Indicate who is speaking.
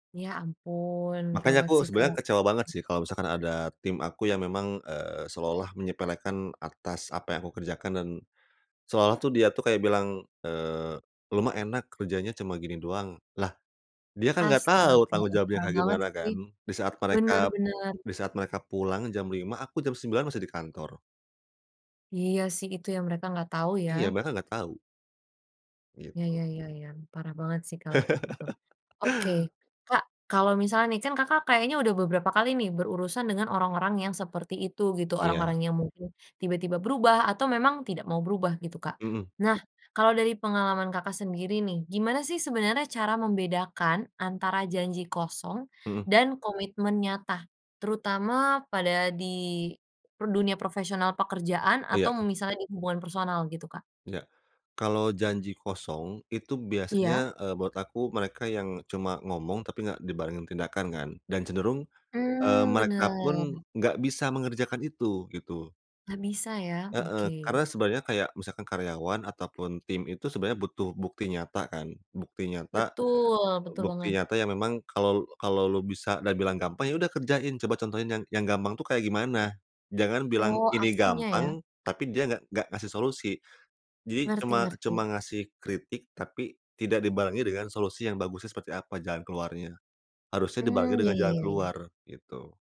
Speaker 1: Ya, ampun,
Speaker 2: Makannya
Speaker 1: gawat
Speaker 2: aku
Speaker 1: sih
Speaker 2: sebenernya
Speaker 1: kalau kayak
Speaker 2: kecewa banget
Speaker 1: gitu.
Speaker 2: sih, kalau misalkan ada tim aku yang memang, eee, seolah-olah menyepelekan atas apa yang aku kerjakan dan seolah-olah dia tuh kayak bilang, eee, "Lu mah enak, kerjanya cuma gini doang", lah, dia kan enggak tahu
Speaker 1: Astaga,
Speaker 2: tanggung jawabnya
Speaker 1: parah
Speaker 2: kayak
Speaker 1: banget
Speaker 2: gimana
Speaker 1: sih.
Speaker 2: kan, disaat
Speaker 1: Bener,
Speaker 2: mereka,
Speaker 1: bener.
Speaker 2: disaat mereka pulang jam 05:00, aku jam 09:00 masih di kantor.
Speaker 1: Iya sih, itu yang mereka enggak tahu, ya
Speaker 2: Iya, mereka enggak tahu.
Speaker 1: Iya
Speaker 2: Gitu.
Speaker 1: iya iya iya. Parah banget sih kalo kayak gitu. Oke. Kak, kalo misalnya nih kan Kakak kayaknya udah beberapa kali nih, berurusan dengan orang-orang yang seperti itu, gitu,
Speaker 2: Iya.
Speaker 1: orang-orang yang mungkin tiba-tiba berubah atau memang tidak mau berubah, gitu, Kak.
Speaker 2: Mhm.
Speaker 1: Nah, kalau dari pengalaman Kakak sendiri nih, gimana sih sebenarnya cara membedakan antara janji kosong
Speaker 2: Mhm.
Speaker 1: dan komitmen nyata, terutama pada di per dunia profesional pekerjaan
Speaker 2: Iya.
Speaker 1: atau misalnya di hubungan personal, gitu, Kak?
Speaker 2: Enggak, kalau janji kosong, itu
Speaker 1: Iya.
Speaker 2: biasanya, eee, buat aku mereka yang cuma ngomong tapi nggak dibarengin tindakan kan, dan cenderung, eee,
Speaker 1: Mmm,
Speaker 2: mereka pun
Speaker 1: bener.
Speaker 2: nggak bisa mengerjakan itu, gitu.
Speaker 1: Nggak bisa, ya.
Speaker 2: Heeh,
Speaker 1: Oke.
Speaker 2: karena sebenarnya kayak misalkan karyawan ataupun tim itu, sebenarnya butuh bukti nyata kan, bukti nyata,
Speaker 1: Betul, betul
Speaker 2: bukti
Speaker 1: banget.
Speaker 2: nyata yang memang kalau, kalau lu bisa dan bilang gampang, ya udah kerjain, coba contohin yang yang gampang tuh kayak gimana. Jangan bilang,
Speaker 1: Oh,
Speaker 2: "Ini
Speaker 1: aksinya, ya.
Speaker 2: gampang", tapi dia nggak nggak ngasih solusi. Jadi
Speaker 1: Ngerti
Speaker 2: cuma
Speaker 1: ngerti.
Speaker 2: cuma ngasih kritik tapi tidak dibarengi dengan solusi yang bagusnya seperti apa, jalan keluarnya. Harusnya dibarengi
Speaker 1: Mmm, ya
Speaker 2: dengan
Speaker 1: ya
Speaker 2: jalan
Speaker 1: ya ya.
Speaker 2: keluar, gitu.